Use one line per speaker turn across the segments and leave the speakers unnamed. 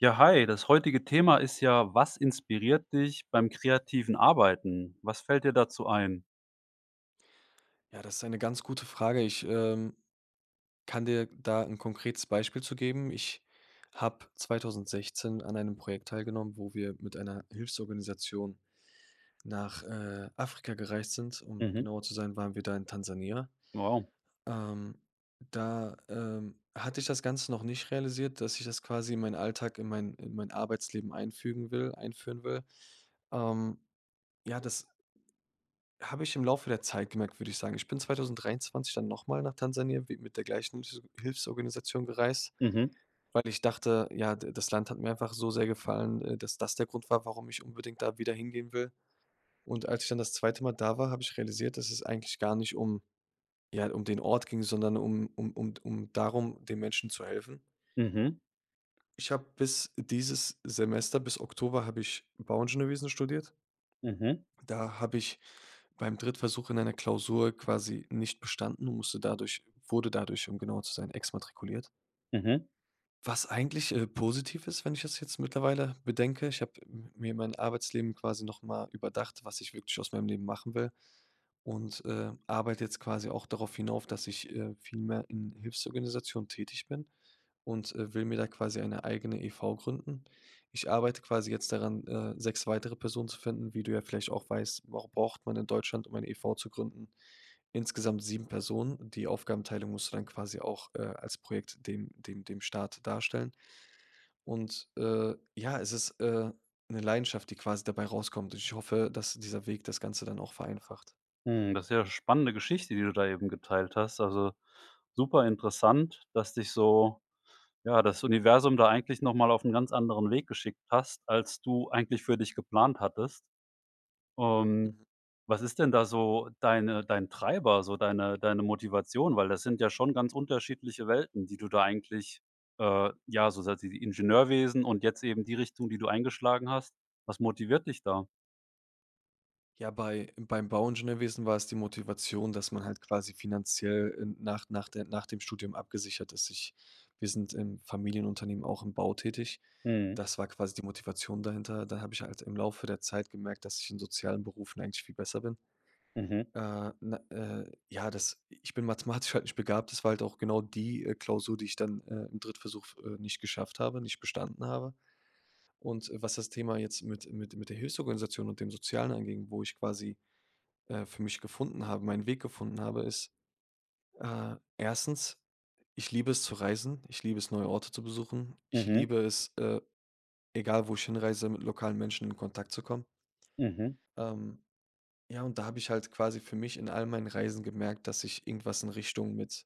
Ja, hi, das heutige Thema ist, ja, was inspiriert dich beim kreativen Arbeiten? Was fällt dir dazu ein?
Ja, das ist eine ganz gute Frage. Ich, ähm, kann dir da 'n konkretes Beispiel zu geben. Ich habe 2016 an einem Projekt teilgenommen, wo wir mit einer Hilfsorganisation nach, äh, Afrika gereist sind. Um
Mhm.
genauer zu sein, waren wir da in Tansania.
Wow.
Ähm, da, ähm, hatte ich das Ganze noch nicht realisiert, dass ich das quasi in mein Alltag, in mein in mein Arbeitsleben einfügen will einführen will. Ähm, ja, das habe ich im Laufe der Zeit gemerkt, würde ich sagen. Ich bin 2023 dann noch mal nach Tansania w mit der gleichen [unintelligible] Hilfsorganisation gereist,
Mhm.
weil ich dachte, ja, da das Land hat mir einfach so sehr gefallen, äh, dass das der Grund war, warum ich unbedingt da wieder hingehen will. Und als ich dann das zweite Mal da war, habe ich realisiert, dass es eigentlich gar nicht um ja, um den Ort ging, sondern um um um d um darum, den Menschen zu helfen.
Mhm.
Ich habe bis dieses Semester, bis Oktober, habe ich Bauingenieurwesen studiert
Mhm.
und da habe ich beim Drittversuch in einer Klausur quasi nicht bestanden und musste dadurch wurde dadurch, um genauer zu sein, exmatrikuliert.
Mhm.
Was eigentlich, äh, positiv ist, wenn ich das jetzt mittlerweile bedenke. Ich habe m mir mein Arbeitsleben quasi noch mal überdacht, was ich wirklich aus meinem Leben machen will. Und, äh, arbeite jetzt quasi auch darauf hinauf, dass ich, äh, viel mehr in Hilfsorganisationen tätig bin. Und, äh, will mir da quasi eine eigene e.V. gründen. Ich arbeite quasi jetzt daran, äh, 6 weitere Personen zu finden. Wie du ja vielleicht auch weißt, wa braucht man in Deutschland, um eine e.V. zu gründen, insgesamt 7 Personen. Die Aufgabenteilung musst du dann quasi auch, äh, als Projekt den dem dem Staat darstellen. Und, äh, ja, es ist, äh, 'ne Leidenschaft, die quasi dabei rauskommt. Und ich hoffe, dass dieser Weg das Ganze dann auch vereinfacht.
Hm. Das ist ja spannende Geschichte, die du da eben geteilt hast. Also super interessant, dass dich so, ja, das Universum da eigentlich noch mal auf 'n ganz anderen Weg geschickt hast, als du eigentlich für dich geplant hattest. Und
Mhm.
was ist denn da so deine dein Treiber, so deine deine Motivation? Weil das sind ja schon ganz unterschiedliche Welten, die du da eigentlich äh, ja, so [unintelligible] dieses Ingenieurwesen und jetzt eben die Richtung, die du eingeschlagen hast. Was motiviert dich da?
Ja, bei beim Bauingenieurwesen war es die Motivation, dass man halt quasi finanziell n nach nach der nach dem Studium abgesichert ist. Ich wir sind im Familienunternehmen auch im Bau tätig.
Mhm.
Das war quasi die Motivation dahinter. Da habe ich halt im Laufe der Zeit gemerkt, dass ich in sozialen Berufen eigentlich viel besser bin.
Mhm.
Äh, na äh, ja, das ich bin mathematisch halt nicht begabt. Das war halt auch genau die, äh, Klausur, die ich dann, äh, im Drittversuch f äh, nicht geschafft habe, nicht bestanden habe. Und was das Thema jetzt mit mit mit der Hilfsorganisation und dem Sozialen anging, wo ich quasi, äh, für mich gefunden habe, meinen Weg gefunden habe, ist, äh, 1. Ich liebe es, zu reisen. Ich liebe es, neue Orte zu besuchen. Ich
Mhm.
liebe es, äh, egal wo ich hinreise, mit lokalen Menschen in Kontakt zu kommen
Mhm.
ähm, ja, und da habe ich halt quasi für mich in all meinen Reisen gemerkt, dass ich irgendwas in Richtung mit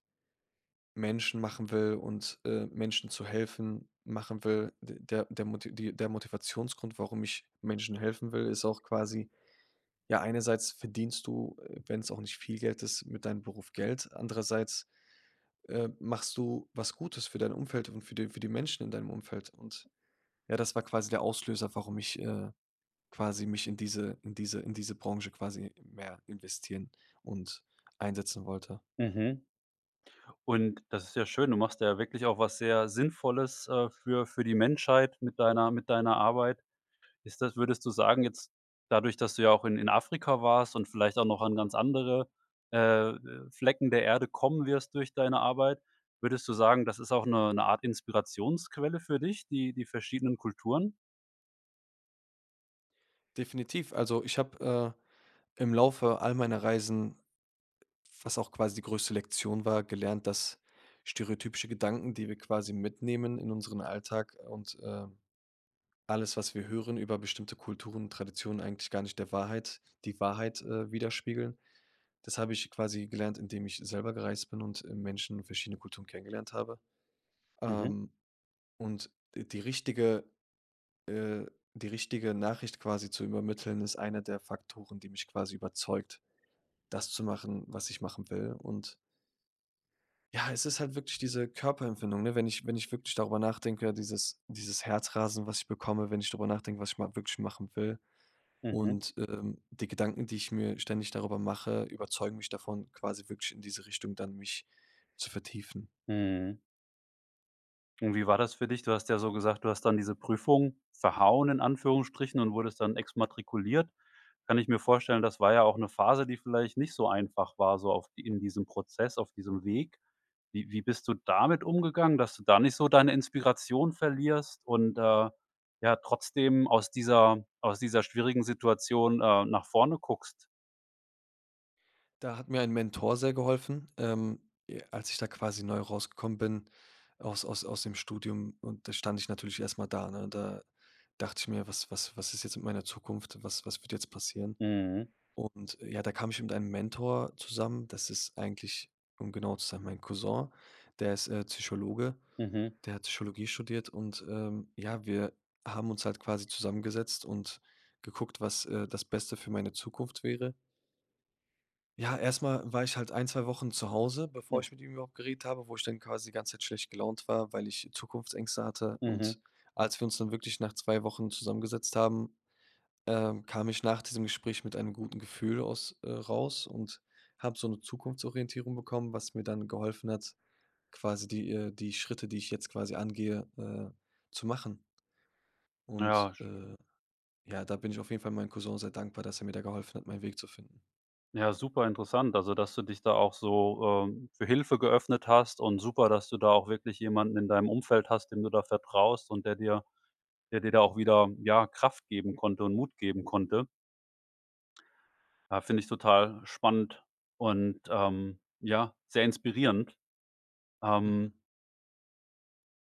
Menschen machen will und, äh, Menschen zu helfen, machen will, de der der Moti die der Motivationsgrund, warum ich Menschen helfen will, ist auch quasi, ja, einerseits verdienst du, äh, wenn's auch nicht viel Geld ist, mit deinem Beruf Geld, andererseits, äh, machst du was Gutes für dein Umfeld und für die für die Menschen in deinem Umfeld. Und ja, das war quasi der Auslöser, warum ich, äh, quasi mich in diese in diese in diese Branche quasi mehr investieren und einsetzen wollte.
Mhm. Und das ist ja schön. Du machst ja wirklich auch was sehr Sinnvolles, äh, für für die Menschheit mit deiner mit deiner Arbeit. Ist das würdest du sagen, jetzt dadurch, dass du ja auch in in Afrika warst und vielleicht auch noch an ganz andere, äh, de Flecken der Erde kommen wirst durch deine Arbeit. Würdest du sagen, das ist auch eine 'ne 'ne Art Inspirationsquelle für dich, die die verschiedenen Kulturen?
Definitiv. Also ich habe, äh, im Laufe all meiner Reisen, was auch quasi die größte Lektion war, gelernt, dass stereotypische Gedanken, die wir quasi mitnehmen in unseren Alltag und, äh, alles, was wir hören über bestimmte Kulturen, Traditionen, eigentlich gar nicht der Wahrheit die Wahrheit, äh, widerspiegeln. Das habe ich quasi gelernt, indem ich selber gereist bin und, äh, Menschen verschiedener Kulturen kennengelernt habe.
Mhm.
Ähm, und die richtige, äh die richtige Nachricht quasi zu übermitteln, ist einer der Faktoren, die mich quasi überzeugt, das zu machen, was ich machen will. Und ja, es ist halt wirklich diese Körperempfindung, ne? Wenn ich wenn ich wirklich darüber nachdenke, dieses dieses Herzrasen, was ich bekomme, wenn ich darüber nachdenke, was ich mal wirklich machen will.
Mhm.
Und, ähm, die Gedanken, die ich mir ständig darüber mache, überzeugen mich davon, quasi wirklich in diese Richtung dann mich zu vertiefen.
Mhm. Und wie war das für dich? Du hast ja so gesagt: „Du hast dann diese Prüfung ‚verhauen‘ in Anführungsstrichen und wurdest dann exmatrikuliert“. Kann ich mir vorstellen, das war ja auch 'ne Phase, die vielleicht nicht so einfach war, so auch in diesem Prozess, auf diesem Weg. Wie wie bist du damit umgegangen, dass du da nicht so deine Inspiration verlierst und, äh, ja trotzdem aus dieser aus dieser schwierigen Situation, äh, nach vorne guckst?
Da hat mir ein Mentor sehr geholfen, ähm, e als ich da quasi neu rausgekommen bin aus aus aus dem Studium. Und da stand ich natürlich erst mal da, ne? Da dachte ich mir: „Was was was ist jetzt mit meiner Zukunft? Was was wird jetzt passieren?“
Mhm.
Und, äh, ja, da kam ich mit einem Mentor zusammen. Das ist eigentlich, um genau zu sein, mein Cousin. Der ist, äh, Psychologe,
Mhm.
der hat Psychologie studiert. Und, ähm, ja, wir haben uns halt quasi zusammengesetzt und geguckt, was, äh, das Beste für meine Zukunft wäre. Ja, erst mal war ich halt ein, 2 Wochen zu Hause, bevor
Mhm.
ich mit ihm überhaupt geredet habe, wo ich dann quasi die ganze Zeit schlecht gelaunt war, weil ich Zukunftsängste hatte.
Mhm.
Und als wir uns dann wirklich nach 2 Wochen zusammengesetzt haben, ähm, kam ich nach diesem Gespräch mit einem guten Gefühl aus, äh, raus und habe so 'ne Zukunftsorientierung bekommen, was mir dann geholfen hat, quasi die, äh die Schritte, die ich jetzt quasi angehe, äh, zu machen. Und,
Ja sch
äh, ja, da bin ich auf jeden Fall meinem Cousin sehr dankbar, dass er mir da geholfen hat, meinen Weg zu finden.
Ja, super interessant, also dass du dich da auch so, äh, für Hilfe geöffnet hast und super, dass du da auch wirklich jemanden in deinem Umfeld hast, dem du da vertraust und der dir der dir da auch wieder, ja, Kraft geben konnte und Mut geben konnte. Ja, finde ich total spannend und, ähm, ja, sehr inspirierend. Ähm
Mhm.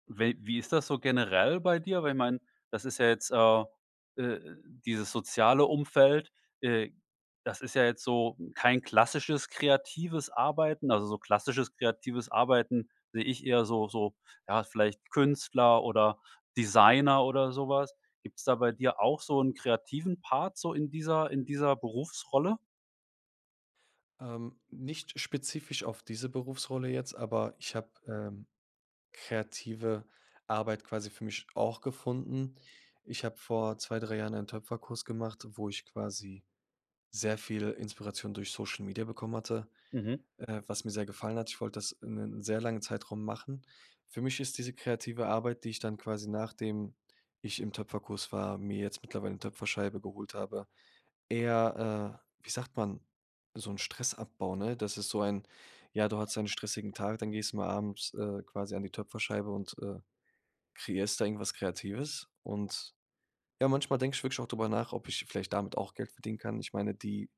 wel wie ist das so generell bei dir? Weil ich meine, das ist ja jetzt, äh, äh, dieses soziale Umfeld äh, das ist ja jetzt so kein klassisches, kreatives Arbeiten. Also so klassisches kreatives Arbeiten sehe ich eher so so ja, vielleicht Künstler oder Designer oder so was. Gibt's da bei dir auch so 'n kreativen Part so in dieser in dieser Berufsrolle?
Ähm, nicht spezifisch auf diese Berufsrolle jetzt, aber ich habe, ähm, kreative Arbeit quasi für mich auch gefunden. Ich habe vor 2, 3 Jahren einen Töpferkurs gemacht, wo ich quasi sehr viel Inspiration durch Social Media bekommen hatte,
Mhm.
äh, was mir sehr gefallen hat. Ich wollt das in 'nen sehr langen Zeitraum machen. Für mich ist diese kreative Arbeit, die ich dann quasi nachdem ich im Töpferkurs war mir jetzt mittlerweile 'ne Töpferscheibe geholt habe eher, äh, wie sagt man, so 'n Stressabbau, ne? Das ist so ein, ja du hattest einen stressigen Tag, dann gehst du mal abends, äh, quasi an die Töpferscheibe und, äh, kreierst da irgendwas Kreatives. Und, ja, manchmal denke ich wirklich auch drüber nach, ob ich vielleicht damit auch Geld verdienen kann. Ich meine, die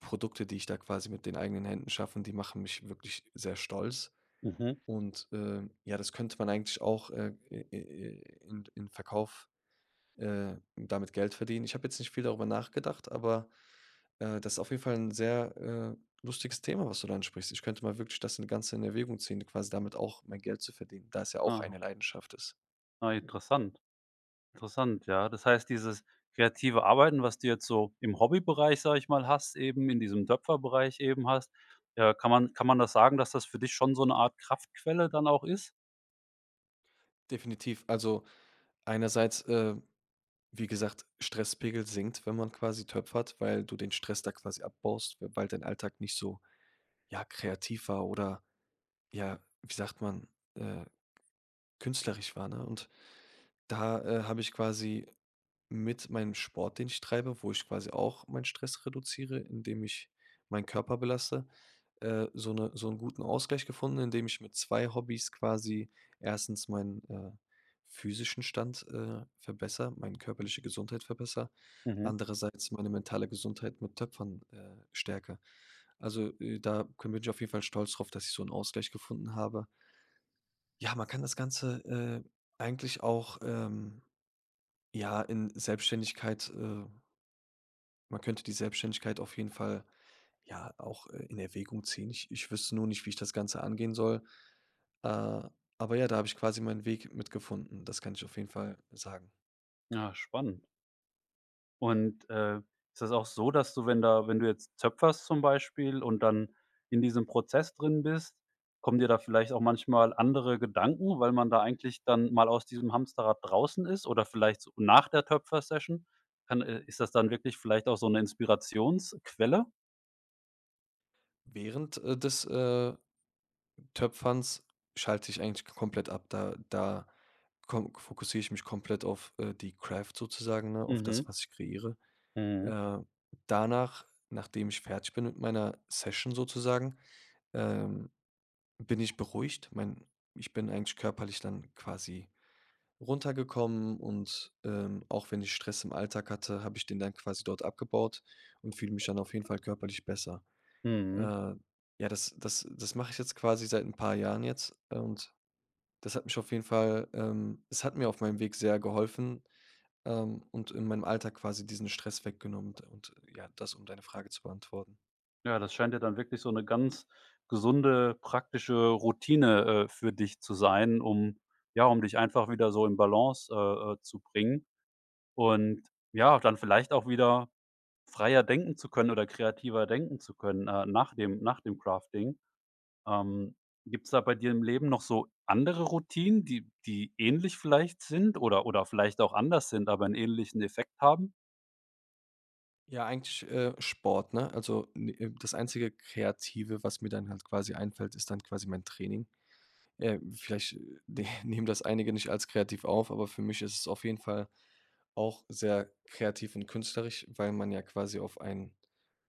Produkte, die ich da quasi mit den eigenen Händen schaffen, die machen mich wirklich sehr stolz.
Mhm.
Und, äh, ja das könnte man eigentlich auch, äh, i i i in in Verkauf, äh damit Geld verdienen. Ich habe jetzt nicht viel darüber nachgedacht, aber, äh, das ist auf jeden Fall 'n sehr, äh, lustiges Thema, was du da ansprichst. Ich könnte mal wirklich das, ne, Ganz in Erwägung ziehen, quasi damit auch mein Geld zu verdienen, da es ja auch
Ah.
eine Leidenschaft ist.
Ah, interessant interessant. Ja, das heißt, dieses kreative Arbeiten, was du jetzt so im Hobbybereich, sage ich mal hast, eben in diesem Töpferbereich eben hast, äh, kann man kann man das sagen, dass das für dich schon so 'ne Art Kraftquelle dann auch ist?
Definitiv. Also einerseits, äh, wie gesagt, Stresspegel sinkt, wenn man quasi töpfert, weil du den Stress da quasi abbaust. W weil dein Alltag nicht so, ja, kreativ war oder, ja, wie sagt man, äh, künstlerisch war, ne? Und da, äh, habe ich quasi mit meinem Sport, den ich treibe, wo ich quasi auch meinen Stress reduziere, indem ich meinen Körper belaste, äh, so 'ne so 'n guten Ausgleich gefunden, indem ich mit 2 Hobbys quasi 1. meinen, äh, physischen Stand, äh, verbessere, meine körperliche Gesundheit verbessere,
Mhm.
andererseits meine mentale Gesundheit mit Töpfern, äh, stärke. Also, äh, da könn bin ich auf jeden Fall stolz drauf, dass ich so 'n Ausgleich gefunden habe. Ja, man kann das Ganze, äh, eigentlich auch, ähm, ja, in Selbstständigkeit, äh Man könnte die Selbstständigkeit auf jeden Fall, ja, auch, äh, in Erwägung ziehen. Ich ich wüsste nur nicht, wie ich das Ganze angehen soll. Äh, aber ja, da habe ich quasi meinen Weg mit gefunden. Das kann ich auf jeden Fall sagen.
Ah, spannend. Und, äh, ist das auch so, dass du, wenn da wenn du jetzt töpferst zum Beispiel und dann in diesem Prozess drin bist, kommen dir da vielleicht auch manchmal andere Gedanken, weil man da eigentlich dann mal aus diesem Hamsterrad draußen ist oder vielleicht, so, nach der Töpfer-Session? Dann, äh, ist das dann wirklich vielleicht auch so 'ne Inspirationsquelle?
Während, äh, des, äh, Töpferns schalte ich eigentlich komplett ab, da da kom fokussiere ich mich komplett auf, äh, die Craft sozusagen, ne, auf das,
Mhm.
was ich kreiere.
Mhm.
Äh, danach, nachdem ich fertig bin mit meiner Session sozusagen, ähm, bin ich beruhigt. Mein ich bin eigentlich körperlich dann quasi runtergekommen und, ähm, auch wenn ich Stress im Alltag hatte, habe ich den dann quasi dort abgebaut und fühle mich dann auf jeden Fall körperlich besser.
Mhm.
Äh, ja, das das das mache ich jetzt quasi seit 'n paar Jahren jetzt, äh, und das hat mich auf jeden Fall, ähm es hat mir auf meinem Weg sehr geholfen. Ähm, und in meinem Alltag quasi diesen Stress weggenommen und und ja, das, um deine Frage zu beantworten.
Ja, das scheint ja dann wirklich so 'ne ganz gesunde, praktische Routine, äh, für dich zu sein, um ja, um dich einfach wieder so in Balance, äh, äh, zu bringen. Und ja, dann vielleicht auch wieder freier denken zu können oder kreativer denken zu können, äh, nach dem nach dem Crafting. Ähm, gibt's da bei dir im Leben noch so andere Routinen, die die ähnlich vielleicht sind oder oder vielleicht auch anders sind, aber 'n ähnlichen Effekt haben?
Ja, eigentlich, äh, Sport, ne? Also n äh, das einzige Kreative, was mir dann halt quasi einfällt, ist dann quasi mein Training. Äh, vielleicht, äh, nehmen das einige nicht als kreativ auf, aber für mich ist es auf jeden Fall auch sehr kreativ und künstlerisch, weil man ja quasi auf ein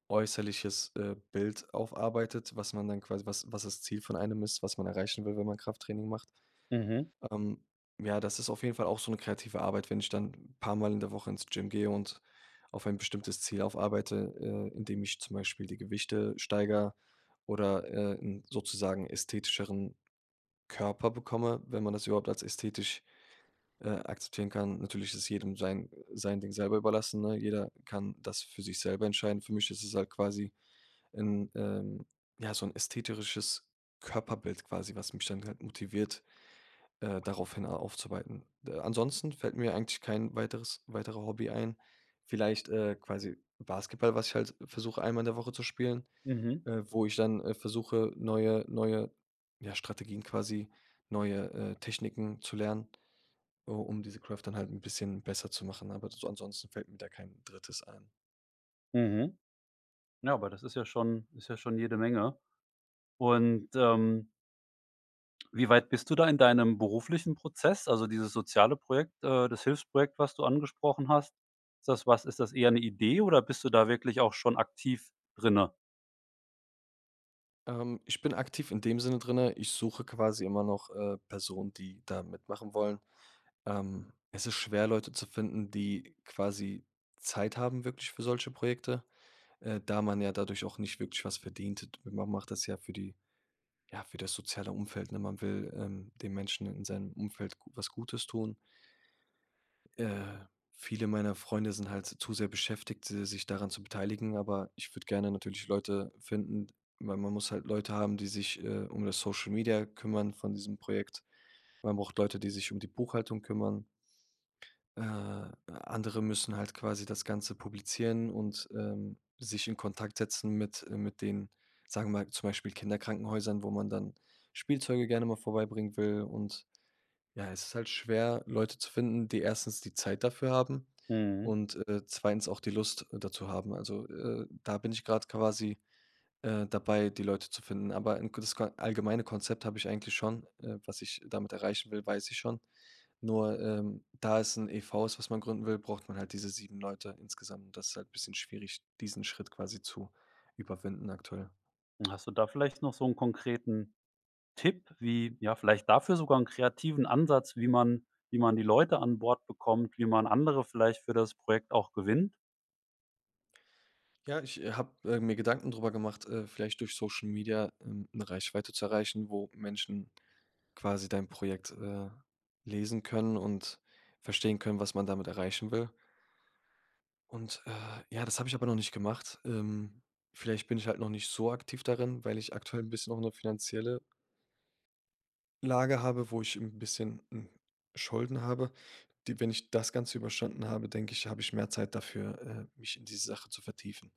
äußerliches, äh, Bild aufarbeitet, was man dann quasi was was das Ziel von einem ist, was man erreichen will, wenn man Krafttraining macht.
Mhm.
Ähm, ja, das ist auf jeden Fall auch so 'ne kreative Arbeit. Wenn ich dann 'n paar Mal in der Woche ins Gym gehe und auf ein bestimmtes Ziel aufarbeite, äh, indem ich zum Beispiel die Gewichte steigere oder, äh, 'n sozusagen ästhetischeren Körper bekomme, wenn man das überhaupt als ästhetisch, äh, akzeptieren kann. Natürlich ist jedem sein sein Ding selber überlassen, ne? Jeder kann das für sich selber entscheiden. Für mich ist es halt quasi, 'n, ähm ja, so 'n ästhetischeres Körperbild quasi, was mich dann halt motiviert, äh, daraufhin a aufzuarbeiten. D äh, Ansonsten fällt mir eigentlich kein weiteres weitere Hobby ein. Vielleicht, äh, quasi Basketball, was ich halt versuche, einmal in der Woche zu spielen.
Mhm.
Äh, wo ich dann, äh, versuche, neue neue, ja, Strategien quasi, neue, äh, Techniken zu lernen, oh, um diese Craft dann halt 'n bisschen besser zu machen. Aber so ansonsten fällt mir da kein 3. ein.
Mhm. Na, aber das ist ja schon ist ja schon jede Menge. Und, ähm wie weit bist du da in deinem beruflichen Prozess? Also dieses soziale Projekt, äh, das Hilfsprojekt, was du angesprochen hast. Ist das was ist das eher 'ne Idee oder bist du da wirklich auch schon aktiv drinnen?
Ähm, ich bin aktiv in dem Sinne drinne, ich suche quasi immer noch, äh, Personen, die da mitmachen wollen. Ähm, es ist schwer, Leute zu finden, die quasi Zeit haben wirklich für solche Projekte, äh, da man ja dadurch auch nicht wirklich was verdient. D ma man macht das ja für die ja, für das soziale Umfeld, ne? Man will, ähm, den Menschen in seinem Umfeld gu was Gutes tun. Äh, viele meiner Freunde sind halt t zu sehr beschäftigt, se sich daran zu beteiligen. Aber ich würde gerne natürlich Leute finden, weil man muss halt Leute haben, die sich, äh, um das Social Media kümmern von diesem Projekt. Man braucht Leute, die sich um die Buchhaltung kümmern. Äh, andere müssen halt quasi das Ganze publizieren und, ähm, sich in Kontakt setzen mit mit den, sagen wir mal, zum Beispiel Kinderkrankenhäusern, wo man dann Spielzeuge gerne mal vorbeibringen will. Und, ja, es ist halt schwer, Leute zu finden, die erstens die Zeit dafür haben
Mhm.
und, äh, zweitens auch die Lust dazu haben. Also, äh, da bin ich grad quasi, äh, dabei, die Leute zu finden. Aber 'n gutes Kon allgemeine Konzept habe ich eigentlich schon. Äh, was ich damit erreichen will, weiß ich schon. Nur, ähm, da es 'n EV ist, was man gründen will, braucht man halt diese 7 Leute insgesamt, und das ist halt 'n bisschen schwierig, diesen Schritt quasi zu überwinden aktuell.
Hast du da vielleicht noch so 'n konkreten Tipp, wie ja, vielleicht dafür sogar 'n kreativen Ansatz, wie man wie man die Leute an Bord bekommt, wie man andere vielleicht für das Projekt auch gewinnt?
Ja, ich, äh, habe, äh, mir Gedanken drüber gemacht, äh, vielleicht durch Social Media, ähm, 'ne Reichweite zu erreichen, wo Menschen quasi dein Projekt, äh, lesen können und verstehen können, was man damit erreichen will. Und, äh, ja, das habe ich aber noch nicht gemacht. Ähm, wielleicht bin ich halt noch nicht so aktiv darin, weil ich aktuell 'n bisschen auch 'ne finanzielle Lage habe, wo ich 'n bisschen n Schulden habe. Die wenn ich das Ganze überstanden habe, denke ich, habe ich mehr Zeit dafür, äh, mich in die Sache zu vertiefen.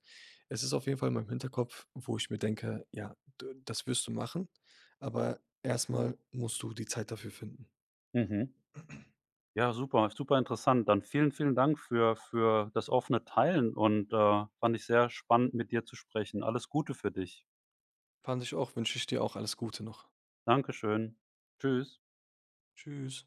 Es ist auf jeden Fall in meinem Hinterkopf, wo ich mir denke: „Ja, d das wirst du machen, aber erst mal musst du die Zeit dafür finden.“
Mhm. Ja, super super interessant. Dann vielen vielen Dank für für das offene Teilen und, äh, fand ich sehr spannend, mit dir zu sprechen. Alles Gute für dich.
Fand ich auch, wünsche ich dir auch alles Gute noch.
Dankeschön. Tschüss.
Tschüss.